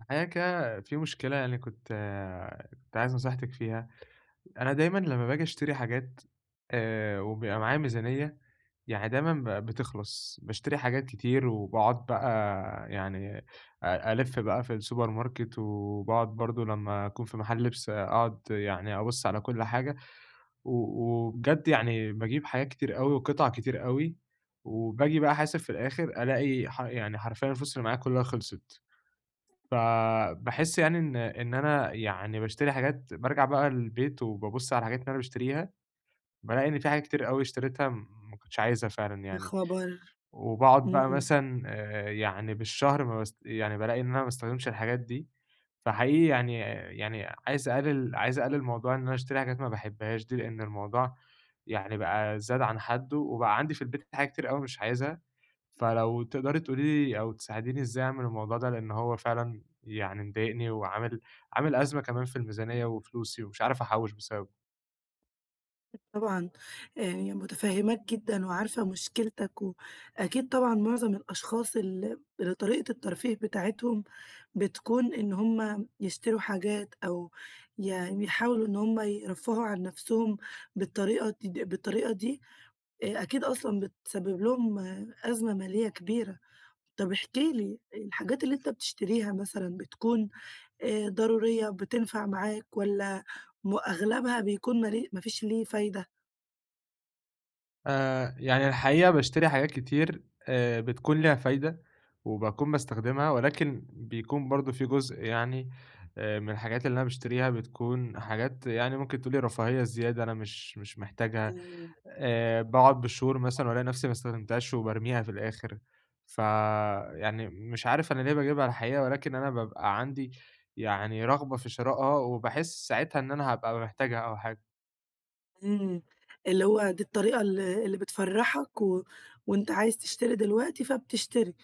الحقيقة كده في مشكلة يعني كنت كنت عايز نصيحتك فيها، أنا دايمًا لما باجي اشتري حاجات آآ، وبيبقى معايا ميزانيّة، يعني دايمًا ب بتخلص، باشتري حاجات كتير وباقعُد بقى يعني أ ألِف بقى في السوبر ماركت، وباقعُد برضو لما أكون في محل لِبس، أقعُد يعني أبص على كل حاجة، و وبجد يعني باجيب حاجات كتير أوي وقِطع كتير أوي، وباجي بقى أحاسب في الآخر ألاقي ح يعني حرفيًا الفلوس اللي معايا كلها خلصت. فباحس يعني إن إن أنا يعني باشتري حاجات، بارجع بقى البيت وبابص على الحاجات اللي أنا باشتريها، بالاقي إن في حاجة كتير أوي اشتريتها ما كنتش عايزها فعلًا يا يعني. خبر! وباقعُد بقى إمم. مثلًا آآ يعني بالشهر ما باس يعني بالاقي إن أنا ما باستخدمش الحاجات دي، فحقيقي يعني يعني عايز اقلل عايز اقلل موضوع إن أنا اشتري حاجات ما باحبهاش دي، لإن الموضوع يعني بقى زاد عن حدُّه وبقى عندي في البيت حاجات كتير أوي مش عايزها، فلو تقدَري تقولي لي أو تساعديني إزاي اعمل الموضوع ده؟ لإن هو فعلًا يعني مضايقني وعامل عامل أزمَة كمان في الميزانيّة وفلوسي ومش عارف أحوِّش بسببه. أكيد طبعًا آآ مُتفهماك جدًا، وعارفة مشكلتك، وأكيد طبعًا معظم الأشخاص ال اللي طريقة الترفيه بتاعتهم بتكون إن هُم يشتروا حاجات، أو يعني يحاولوا إن هُم يرفهوا عن نفسهم، بالطريقة دي بالطريقة دي، آآ أكيد أصلًا بتسبب لهم أزمة مالية كبيرة. طب احكِ لي الحاجات اللي أنت بتشتريها مثلًا، بتكون آآ ضرورية بتنفع معاك؟ والّا م أغلبها بيكون مالي ما فيش ليه فايدة؟ آآ يعني الحقيقة باشتري حاجات كتير، آآ بتكون ليها فايدة، وباكون باستخدمها، ولكن بيكون برضه في جزء يعني آآ من الحاجات اللي أنا باشتريها، بتكون حاجات يعني ممكن تقولي رفاهية زيادة أنا مش مش محتاجها. إمم. آآ باقعد بالشهور [unintelligible] مثلًا والاقي نفسي ما استخدمتهاش وبارميها في الآخر، فيعني مش عارف أنا ليه باجيبها الحقيقة، ولكن أنا بابقى عندي يعني رغبة في شراءها، وباحس ساعتها إن أنا حابقى محتاجها أو حاجة. إمم، اللي هو دي الطريقة ال اللي بتفرحك، و وأنت عايز تشتري دلوقتي فبتشتري.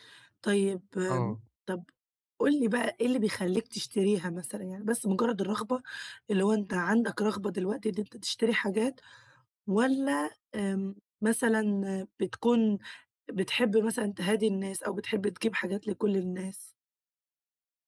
طيب آمم، آه. طب قُل لي بقى إيه اللي بيخليك تشتريها مثلًا يعني بس مجرد الرغبة؟ اللي هو أنت عندك رغبة دلوقتي إن أنت تشتري حاجات؟ والّا آمم مثلًا بتكون بتحب مثلًا تهادي الناس، أو بتحب تجيب حاجات لكل الناس؟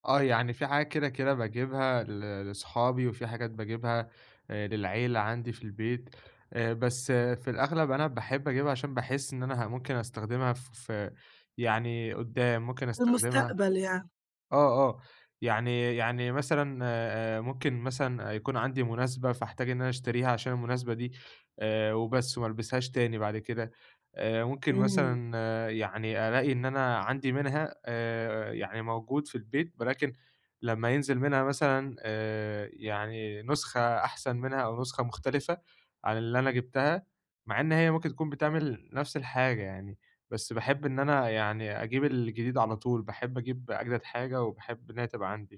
آه، يعني في حاجات كده كده باجيبها ل لصحابي، وفي حاجات باجيبها آآ للعيلة عندي في البيت، آآ، بس في الأغلب أنا باحب أجيبها علشان باحس إن أنا ه ممكن أستخدمها ف ف يعني قدّام ممكن أستخدمها. للمستقبل يعني. آه، آه، يعني يعني مثلًا آآ ممكن مثلًا يكون عندي مناسبة فاحتاج إن أنا أشتريها علشان المناسبة دي آآ، وبس وما البسهاش تاني بعد كده، آآ ممكن إمم. مثلًا يعني ألاقي إن أنا عندي منها آآ يعني موجود في البيت، ولكن لما ينزل منها مثلًا آآ يعني نسخة أحسن منها أو نسخة مختلفة عن اللي أنا جِبتها، مع إن هي ممكن تكون بتعمل نفس الحاجة يعني، بس باحب إن أنا يعني أجيب الجديد على طول، باحب أجيب أجدد حاجة وباحب إن هي تبقى عندي،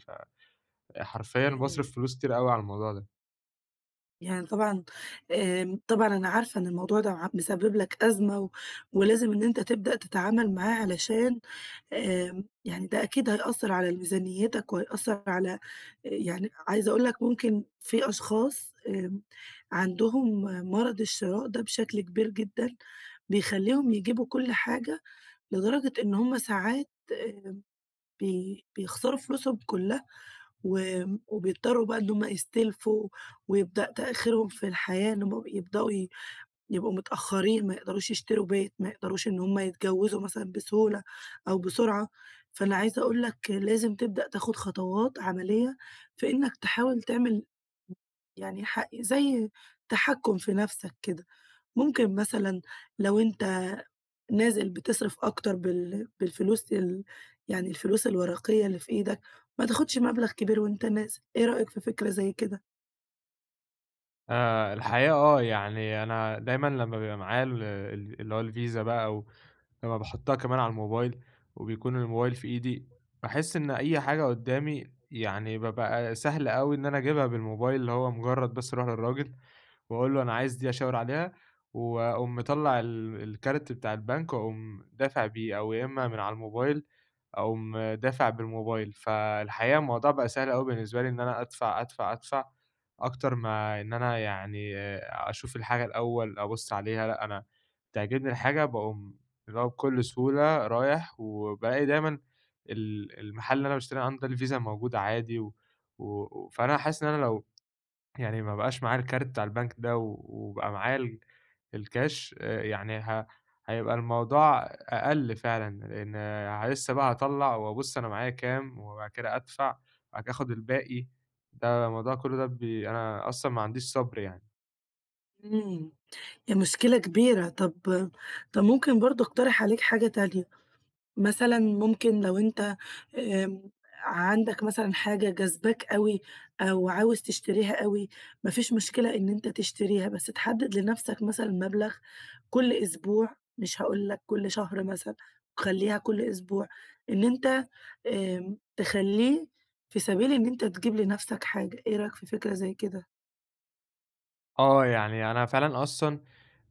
فحرفيًا إمم. باصرف فلوس كتير أوي على الموضوع ده. يعني طبعًا آآ، طبعًا أنا عارفة إن الموضوع ده ع مسبب لك أزمة، و ولازم إن أنت تبدأ تتعامل معاه علشان آآ يعني ده أكيد هيأثر على ال ميزانيتك، وهيأثر على يعني عايزة أقول لك ممكن في أشخاص آمم، عندهم مرض الشراء ده بشكل كبير جدًا، بيخليهم يجيبوا كل حاجة لدرجة إن همّ ساعات آمم، بي بيخسروا فلوسهم كلها، و وبيضطروا بقى إن همّ يستلفوا ويبدأ تأخيرهم في الحياة، إنهم يبدؤوا ي يبقوا متأخرين، ما يقدروش يشتروا بيت، ما يقدروش إن همّ يتجوزوا مثلًا بسهولة أو بسرعة، فأنا عايزة أقول لك لازم تبدأ تاخد خطوات عملية في إنك تحاول تعمل [unintelligible] يعني ح زي تحكم في نفسك كده، ممكن مثلًا لو أنت نازل بتصرف أكتر بال بالفلوس ال يعني الفلوس الورقية اللي في إيدك، ما تاخدش مبلغ كبير وأنت نازل، إيه رأيك في فكرة زي كده؟ آآ، الحقيقة آه، يعني أنا دايمًا لمّا بيبقى معايا ال-ال اللي هو الفيزا بقى ولمّا باحطّها كمان على الموبايل وبيكون الموبايل في إيدي، باحسّ إن أي حاجة قدّامي يعني بابقى سهل أوي إن أنا أجيبها بالموبايل، اللي هو مجرّد بس أروح للراجل وأقول له أنا عايز دي، أشاور عليها، واقوم مطلّع ال الكارت بتاع البنك واقوم دافع بيه، أو يا إمّا من على الموبايل، أقوم دافع بالموبايل. فالحقيقة الموضوع بقى سهل أوي بالنسبة لي إن أنا أدفع، أدفع، أدفع، أكتر ما إن أنا يعني أشوف الحاجة الأوّل أبص عليها، لأ، أنا بتعجبني الحاجة باقوم اللي هو بكل سهولة رايح، وبالاقي دايمًا ال المحل اللي أنا باشتري عنده ده الفيزا موجودة عادي، و و فأنا حاسس إن أنا لو يعني ما بقاش معايا الكارت بتاع البنك ده و وبقى معايا ال الكاش آآ يعني، ه هيبقى الموضوع أقل فعلًا، لأن لسه بقى هاطلّع وأبص أنا معايا كام، وبعد كده أدفع، وبعد كده آخد الباقي، ده الموضوع كلّه ده بي أنا أصلًا ما عنديش صبر يعني. امم ده مشكلة كبيرة. طب طب ممكن برضه أقترح عليك حاجة تانية، مثلًا ممكن لو أنت آمم عندك مثلًا حاجة جاذباك أوي، أو عاوز تشتريها أوي، ما فيش مشكلة إن أنت تشتريها، بس تحدد لنفسك مثلًا مبلغ كل أسبوع، مش هاقول لك كل شهر مثلًا، خلّيها كل أسبوع إن أنت آمم تخلّيه في سبيل إن أنت تجيب لنفسك حاجة، إيه رأيك في فكرة زي كده؟ آه يعني أنا فعلًا أصلًا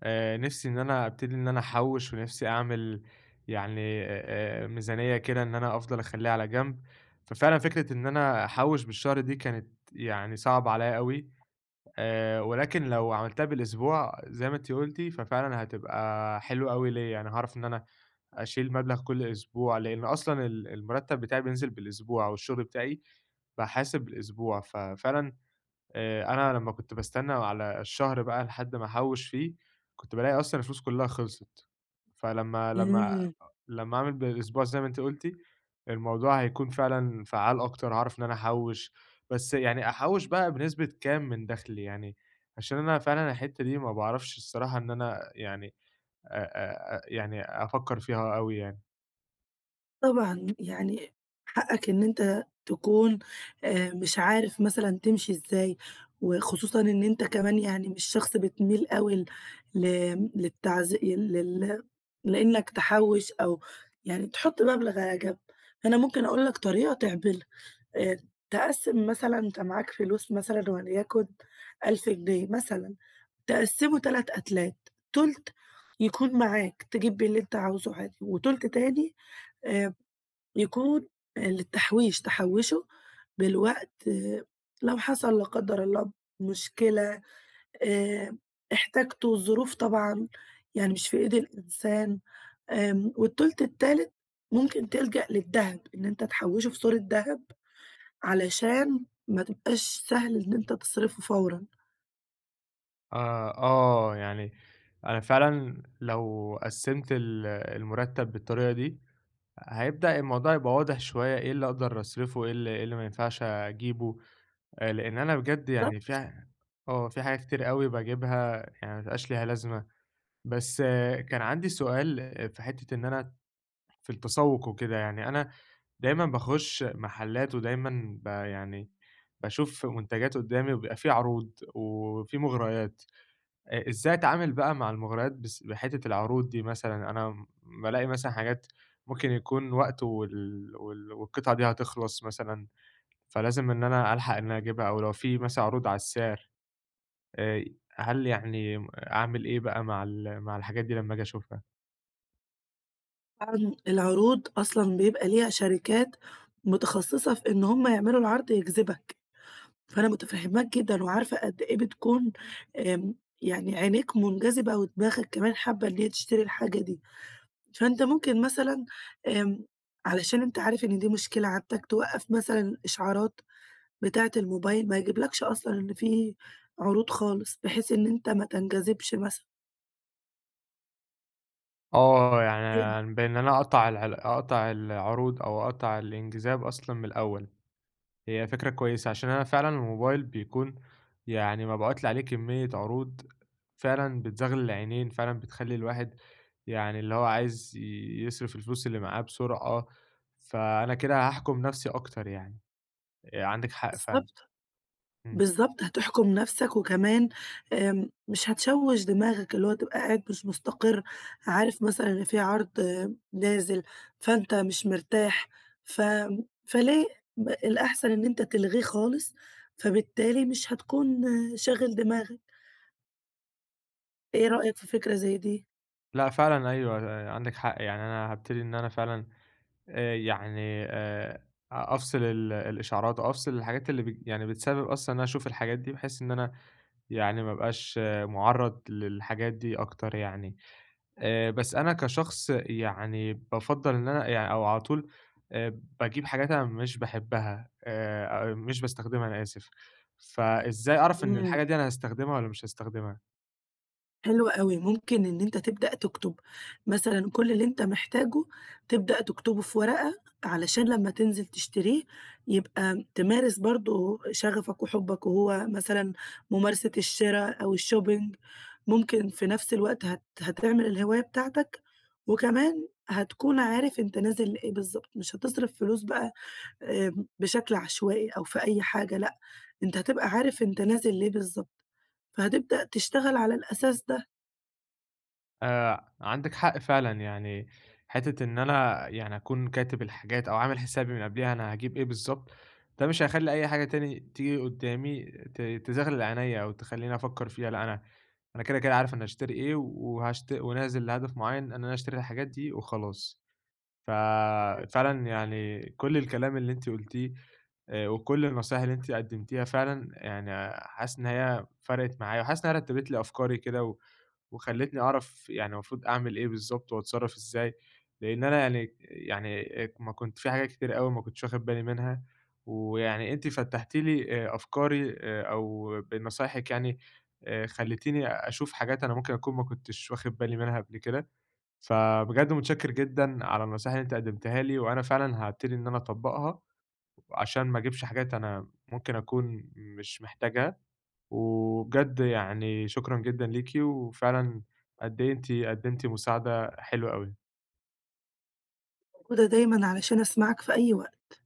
آآ نِفسي إن أنا أبتدي إن أنا أحوِّش، ونِفسي أعمل يعني آآ ميزانية كده إن أنا أفضَل أخلّيها على جنب، ففعلًا فكرة إن أنا أحوِّش بالشهر دي كانت يعني صعبة عليَّ أوي، آآ ولكن لو عملتها بالأسبوع زي ما أنتِ قُلتِ ففعلًا هتبقى حلوة أوي ليَّ، يعني هاعرف إن أنا أشيل مبلغ كل أسبوع، لأن أصلًا ال المرتب بتاعي بينزِل بالأسبوع، أو الشغل بتاعي باحاسب بالأسبوع، ففعلًا آآ أنا لما كنت باستنى على الشهر بقى لحد ما أحوّش فيه، كنت بالاقي أصلًا الفلوس كلها خلصِت، فلما لما إمم. لما أعمل بالأسبوع زي ما أنتِ قُلتِ، الموضوع هيكون فعلًا فعَّال أكتر، هاعرف إن أنا أحوِّش. بس يعني أحوِّش بقى بنسبة كام من دخلي؟ يعني عشان أنا فعلًا الحتة دي ما باعرفش الصراحة إن أنا يعني أ أ يعني أفكّر فيها أوي يعني. طبعًا، يعني حقك إن أنت تكون آآ مش عارف مثلًا تمشي إزاي، وخصوصًا إن أنت كمان يعني مش شخص بتميل أوي ل ل آمم، للتعز لل لأنك تحوش أو يعني تحط مبلغ على جنب، فأنا ممكن أقول لك طريقة تعملها. آآ، تقسم مثلًا أنت معاك فلوس مثلًا وليكن 1000 جنيه مثلًا، تقسمه 3 أتلات، تُلت يكون معاك تجيب بيه اللي أنت عاوزه عادي، وتُلت تاني آآ يكون للتحويش، تحوّشه للوقت لو حصل- لا قدر الله- مشكلة، آآ احتجته، الظروف طبعًا يعني مش في إيد الإنسان، امم، والتُلت التالت ممكن تلجأ للدهب إن أنت تحوّشه في صورة دهب علشان ما تبقاش سهل إن أنت تصرفه فورًا. آه، آه، يعني أنا فعلًا لو قسّمت ال المرتب بالطريقة دي، هيبدأ الموضوع يبقى واضح شوية، إيه اللي أقدر أصرفه وإيه إيه اللي ما ينفعش أجيبه. آآ، لأن أنا بجد يعني بالضبط. في آه، في حاجة كتير أوي باجيبها يعني ما بيبقاش ليها لازمة. بس كان عندي سؤال في حتّة إن أنا في التسوق وكده، يعني أنا دايمًا باخش محلات ودايمًا ب يعني، باشوف منتجات قدامي وبيبقى في عروض وفي مغريات، أ إزاي أتعامل بقى مع المغريات بس بحتّة العروض دي مثلًا، أنا بالاقي مثلًا حاجات ممكن يكون وقته وال وال والقطعة دي هتخلص مثلًا، فلازم إن أنا ألحق إن أنا أجيبها، أو لو في مثلًا عروض على السعر، آآ، ي هل يعني أعمل إيه بقى مع ال مع الحاجات دي لما آجي أشوفها؟ امم، العروض أصلًا بيبقى ليها شركات متخصصة في إن همّ يعملوا العرض يجذبك، فأنا متفهماك جدًا وعارفة قدّ إيه بتكون امم، يعني عينيك منجذبة ودماغك كمان حابة إن هي تشتري الحاجة دي. فأنت ممكن مثلًا، امم، علشان أنت عارف إن دي مشكلة عندك توقف مثلًا إشعارات بتاعة الموبايل، ما يجيبلكش أصلًا إن في عروض خالص، بحيث إن أنت ما تنجذبش مثلًا. آه، [unintelligible] يعني بإن أنا أقطع ال أقطع العروض أو أقطع الانجذاب أصلًا من الأول، هي فكرة كويسة علشان أنا فعلًا الموبايل بيكون يعني مبعوت لي عليه كمية عروض فعلًا بتزغلل العينين، فعلًا بتخلي الواحد يعني اللي هو عايز يصرف الفلوس اللي معاه بسرعة، فأنا كده هاحكم نفسي أكتر يعني. آآ، عندِك حق فعلًا، بالضبط، إمم. بالضبط، هتحكم نفسك، وكمان امم، مش هتشوّش دماغك، اللي هو تبقى قاعد مش مستقر، عارف مثلًا إن في عرض نازل، فأنت مش مرتاح، ف فليه؟ م الأحسن إن أنت تلغيه خالص، فبالتالي مش هتكون شاغل دماغك. إيه رأيك في فكرة زي دي؟ لأ، فعلًا، أيوه، [unintelligible] عندك حق، يعني أنا هابتدي إن أنا فعلًا آآ يعني آآ أ أفصل ال الإشعارات أو أفصل الحاجات اللي بت يعني بتسبب أصلًا إن أشوف الحاجات دي، بحيث إن أنا يعني ما أبقاش مُعرّض للحاجات دي أكتر يعني. آآ، بس أنا كشخص يعني بافضّل إن أنا يعني أو على طول آآ باجيب حاجات أنا مش باحبها، آآ، أ مش باستخدمها أنا آسف، فإزاي أعرف إن الحاجة امم. دي أنا هاستخدمها والّا مش هاستخدمها؟ حلو أوي، ممكن إن أنت تبدأ تكتب مثلًا كل اللي أنت محتاجه، تبدأ تكتبه في ورقة علشان لما تنزل تشتريه يبقى تمارس برضو شغفك وحبك، وهو مثلًا ممارسة الشرا أو الShopping، ممكن في نفس الوقت هت هتعمل الهواية بتاعتك، وكمان هتكون عارف أنت نازل لإيه بالضبط، مش هتصرف فلوس بقى آمم، بشكل عشوائي أو في أي حاجة، لأ، أنت هتبقى عارف أنت نازل ليه بالضبط، فهتبدأ تشتغل على الأساس ده. آآ عندِك حق فعلًا، يعني حتة إن أنا يعني أكون كاتب الحاجات أو عامل حسابي من قبليها، أنا هاجيب إيه بالضبط، ده مش هيخلي أي حاجة تاني تيجي قدامي ت تزغلل عينيَّ، أو تخليني أفكّر فيها، لأ أنا أنا كده كده عارف أنا هاشتري إيه، وهاشت ونازل لهدف معيّن إن أنا أشتري الحاجات دي وخلاص. ف فعلًا يعني كل الكلام اللي أنتِ قُلتيه آآ وكل النصايح اللي أنتِ قدمتيها فعلًا، يعني حاسس إن هي فرَقت معايا، وحاسس إن هي رتّبت لي أفكاري كده، و وخلّتني أعرف يعني المفروض أعمل إيه بالضبط وأتصرف إزاي، لإن أنا يعني يعني ما كنت في حاجات كتيرة أوي ما كنتش واخد بالي منها، ويعني أنتِ فتّحتِ لي آآ أفكاري، أو بنصايحِك يعني آآ خليتيني أشوف حاجات أنا ممكن أكون ما كنتش واخد بالي منها قبل كده. فبجد متشكّر جدًا على النصايح اللي أنتِ قدمتيها لي، وأنا فعلًا هابتدي إن أنا أطبّقها، عشان ما أجيبش حاجات أنا ممكن أكون مش محتاجها، وبجد يعني شكرًا جدًا ليكِ، وفعلًا قد إيه أنتِ قدمتِ مساعدة حلوة أوي. موجودة دايمًا علشان أسمعك في أي وقت.